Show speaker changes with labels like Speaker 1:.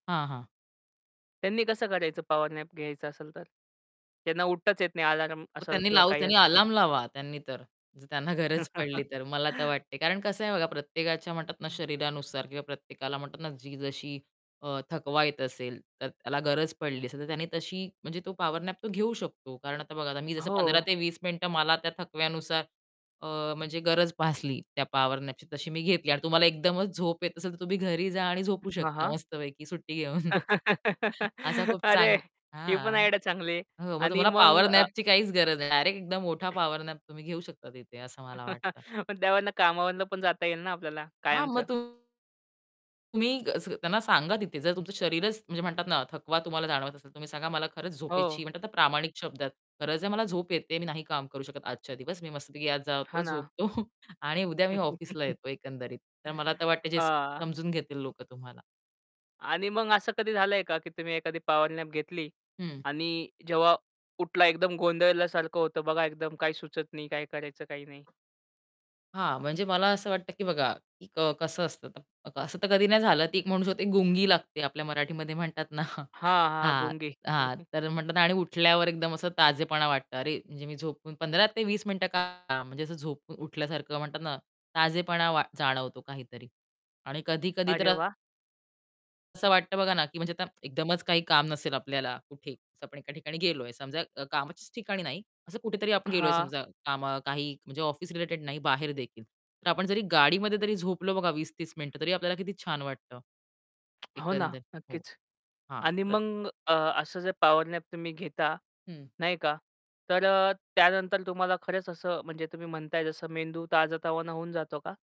Speaker 1: हां, हां.
Speaker 2: त्यांनी कसं काढायचं पॉवर नॅप घ्यायचं असेल तर? त्यांना उठताच येत नाही अलार्म
Speaker 1: मग
Speaker 2: असेल
Speaker 1: त्यांनी
Speaker 2: किंवा
Speaker 1: लावू
Speaker 2: काही
Speaker 1: त्यांनी
Speaker 2: असेल.
Speaker 1: अलार्म लावा त्यांनी तर. त्यांना गरज पडली तर मला तर वाटते. कारण कसं आहे बघा प्रत्येकाच्या म्हणतात ना शरीरानुसार किंवा प्रत्येकाला म्हणतात ना जी जशी अ, थकवा येत असेल तर त्याला गरज पडली असेल, तर त्यांनी तशी म्हणजे तो पॉवर नॅप तो घेऊ शकतो. कारण आता बघा आता मी जसं पंधरा
Speaker 2: हो.
Speaker 1: ते वीस मिनिटं मला त्या थकव्यानुसार अ, म्हणजे गरज भासली त्या पॉवर नॅपची तशी मी घेतली आणि तुम्हाला एकदमच झोप येत असेल, तर तुम्ही घरी जा आणि झोपू
Speaker 2: हां,
Speaker 1: शकता
Speaker 2: हां.
Speaker 1: मस्तपैकी सुट्टी घेऊन. असा खूप
Speaker 2: अरे,
Speaker 1: चांगला
Speaker 2: ही पण
Speaker 1: हां.
Speaker 2: आयडिया चांगली आहे
Speaker 1: हो मग
Speaker 2: आणि
Speaker 1: तुम्हाला
Speaker 2: मग
Speaker 1: पॉवर
Speaker 2: अ
Speaker 1: नॅपची काहीच गरज नाही. डायरेक्ट एकदम मोठा पॉवर नॅप तुम्ही घेऊ शकता तिथे असं मला वाटतं.
Speaker 2: पण त्यावरनं कामामधून पण जाता येईल ना आपल्याला
Speaker 1: हां, मग
Speaker 2: कायमचं.
Speaker 1: तुम्ही कसं त्यांना सांगा तिथे जर तुमचं शरीरच म्हणजे म्हणतात ना थकवा तुम्हाला जाणवत असेल, तर तुम्ही सांगा मला खरंच झोपेची
Speaker 2: हो.
Speaker 1: म्हणतात ना प्रामाणिक शब्दात. गरज आहे मला झोप येते. मी नाही काम करू शकत आजच्या दिवस मी मस्तपैकी आज जातो,
Speaker 2: हां ना.
Speaker 1: झोपतो. आणि उद्या मी ऑफिसला येतो एकंदरीत. तर मला तर वाटतंय जे
Speaker 2: हां.
Speaker 1: समजून घेतील लोकं तुम्हाला.
Speaker 2: आणि मग असं कधी झालंय का की तुम्ही एखादी पॉवर नॅप घेतली
Speaker 1: हं.
Speaker 2: आणि जेव्हा उठला एकदम गोंधळल्यासारखं होतं बघा एकदम काही सुचत नाही काय करायचं काही नाही?
Speaker 1: हां, म्हणजे मला असं वाटतं, की बघा कसं असतं असं तर कधी नाही झालं की एक म्हणू शकते की गुंगी लागते, आपल्या मराठीमध्ये म्हणतात ना
Speaker 2: हां, हां.
Speaker 1: हां,
Speaker 2: गुंगी.
Speaker 1: हां तर म्हणतात आणि उठल्यावर एकदम असं ताजेपणा वाटतं. अरे, म्हणजे मी झोपून 15 ते 20 मिनिटं का म्हणजे असं झोपून उठल्यासारखं म्हणतात ना ताजेपणा वा जाणवतो काहीतरी. आणि कधी-कधी तर
Speaker 2: अरे वाह!
Speaker 1: असं वाटतं बघा ना की म्हणजे आता एकदमच काही काम नसेल आपल्याला कुठे असं आपण एका ठिकाणी गेलोय समजा कामाच्याच ठिकाणी नाही. असं कुठेतरी आपण गेलोय
Speaker 2: हां.
Speaker 1: समजा काम काही म्हणजे ऑफिस रिलेटेड नाही बाहेर देखील. तर आपण जरी गाडीमध्ये जरी झोपलो बघा 20-30 मिनिटं तरी आपल्याला किती छान वाटतं.
Speaker 2: हो ना
Speaker 1: एकंदर. हो,
Speaker 2: नक्कीच
Speaker 1: हां.
Speaker 2: आणि
Speaker 1: [unintelligible]
Speaker 2: मग अ, असं जे पॉवर नॅप तुम्ही घेता
Speaker 1: हं.
Speaker 2: नाही का? तर अ, त्यानंतर तुम्हाला खरंच असं म्हणजे तुम्ही म्हणताय जसं मेंदू ताजातवाना होऊन जातो का?